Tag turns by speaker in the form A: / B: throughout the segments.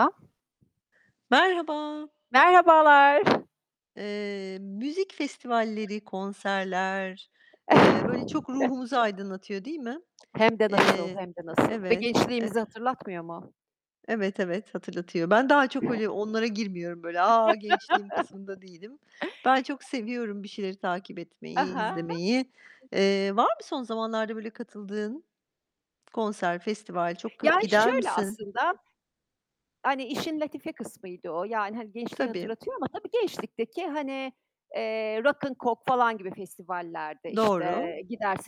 A: [unintelligible]
B: Merhaba.
A: Merhabalar.
B: Eee, müzik festivalleri, konserler, eee, böyle çok ruhumuzu aydınlatıyor, değil mi?
A: Hem de nasıl,
B: Eee,
A: hem de nasıl? Ve
B: evet, e
A: gençliğimizi hatırlatmıyor mu?
B: Evet, evet, hatırlatıyor. Ben daha çok öyle onlara girmiyorum. Böyle, "A, gençliğim!" kısmında değilim. Ben çok seviyorum bir şeyleri takip etmeyi,
A: Aha!
B: izlemeyi. Eee, var mı son zamanlarda böyle katıldığın konser, festival? Çok kıh
A: Yani,
B: gider
A: şöyle
B: misin?
A: aslında, hani işin latife kısmıydı o. Yani, hani gençliği
B: Tabii.
A: hatırlatıyor ama tabii gençlikteki hani, eee, Rock'n Coke falan gibi festivallerde, işte
B: Doğru.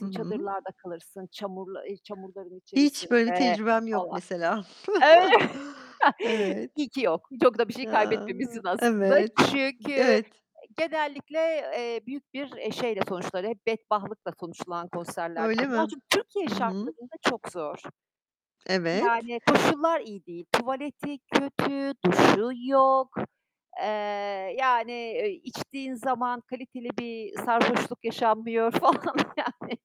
B: Hı hı.
A: çadırlarda kalırsın, çamurla çamurların
B: Hiç böyle bir
A: içerisinde
B: tecrübem yok mesela.
A: [unintelligible] Öy
B: Evet.
A: İyi ki yok. Çok da bir şey
B: Ya!
A: kaybetmemişsin aslında.
B: Evet.
A: Çünkü
B: Evet.
A: genellikle, eee, büyük bir, eee, şeyle sonuçları hep bedbahtlıkla sonuçlanan konserlerdi
B: Öyle
A: bunlar.
B: mi?
A: Çünkü Türkiye
B: Hı hı.
A: şartlarında çok zor.
B: Evet.
A: Yani, koşullar iyi değil; tuvaleti kötü, duşu yok. Eee, yani, eee, içtiğin zaman kaliteli bir sarhoşluk yaşanmıyor falan. Yani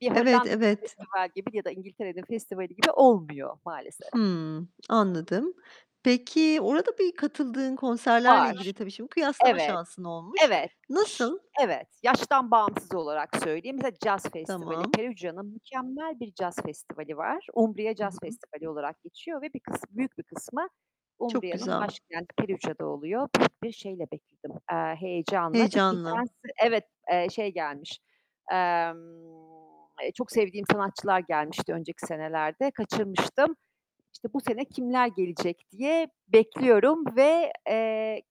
A: bir
B: Evet,
A: Hollanda'nın
B: evet.
A: festival gibi ya da İngiltere'nin festivali gibi olmuyor, maalesef.
B: Hımm, anladım. Peki, orada bir katıldığın konserlerle
A: Var.
B: ilgili tabii şimdi kıyaslama
A: Evet,
B: şansın olmuş.
A: evet,
B: Nasıl?
A: evet. Yaştan bağımsız olarak söyleyeyim [unintelligible] Caz festivali.
B: Tamam.
A: Perugia'nın mükemmel bir caz festivali var: Umbria
B: Hı
A: Caz
B: hı.
A: Festivali olarak geçiyor ve bir kıs büyük bir kısmı
B: Çok
A: Umbria'nın
B: güzel.
A: başkenti Perugia'da oluyor. Büyük bir şeyle bekledim, eee, heyecanla. Çünkü geçen
B: Heyecanla.
A: sene Evet, eee, şey gelmiş, emm, eee, çok sevdiğim sanatçılar gelmişti önceki senelerde. Kaçırmıştım. İşte bu sene kimler gelecek diye bekliyorum ve, eee,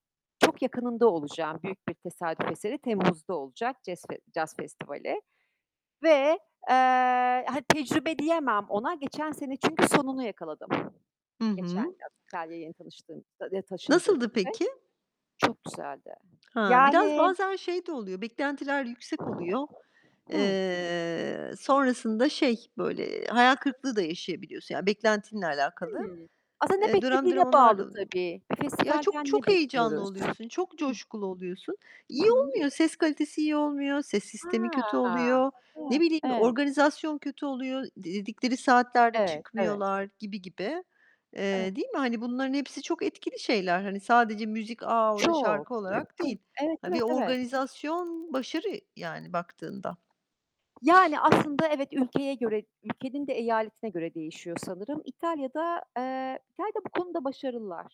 A: çok yakınında olacağım. Büyük bir tesadüf eseri Temmuz'da olacak cez fe caz festivali ve, eee, hani tecrübe diyemem ona. Geçen sene, çünkü sonunu yakaladım.
B: Hı
A: Geçen
B: hı.
A: yaz, İtalya'ya yeni tanıştığım eee, taşındığım
B: Nasıldı
A: için.
B: peki?
A: Çok güzeldi.
B: Ha, biraz
A: Yani
B: bazen şey de oluyor, beklentiler yüksek oluyor.
A: Hı.
B: Eee, sonrasında şey böyle, hayal kırıklığı da yaşayabiliyorsun. Yani beklentinle alakalı.
A: Hımm. Aslında ne
B: Eee, dönem
A: beklediğine
B: dönem onlar
A: bağlı
B: da oluyor.
A: tabii. Bir
B: Ya çok
A: festivalden ne
B: çok heyecanlı
A: bekliyoruz?
B: oluyorsun, çok
A: Hı
B: coşkulu oluyorsun.
A: Hı
B: İyi
A: hı.
B: olmuyor, ses kalitesi iyi olmuyor, ses sistemi kötü
A: A,
B: oluyor, ne bileyim,
A: hı [unintelligible]
B: organizasyon kötü oluyor. Dedikleri saatlerde
A: Evet, evet.
B: çıkmıyorlar, gibi gibi. Eee,
A: [unintelligible]
B: değil mi? Hani bunların hepsi çok etkili şeyler. Hani sadece müzik, "A, orada
A: Çok.
B: şarkı." olarak
A: Çok.
B: değil.
A: Evet,
B: Ha,
A: evet,
B: bir
A: evet.
B: organizasyon başarı, yani baktığında.
A: Yani aslında evet, ülkeye göre ülkenin de eyaletine göre değişiyor sanırım. İtalya'da, eee, İtalya'da bu konuda başarılılar.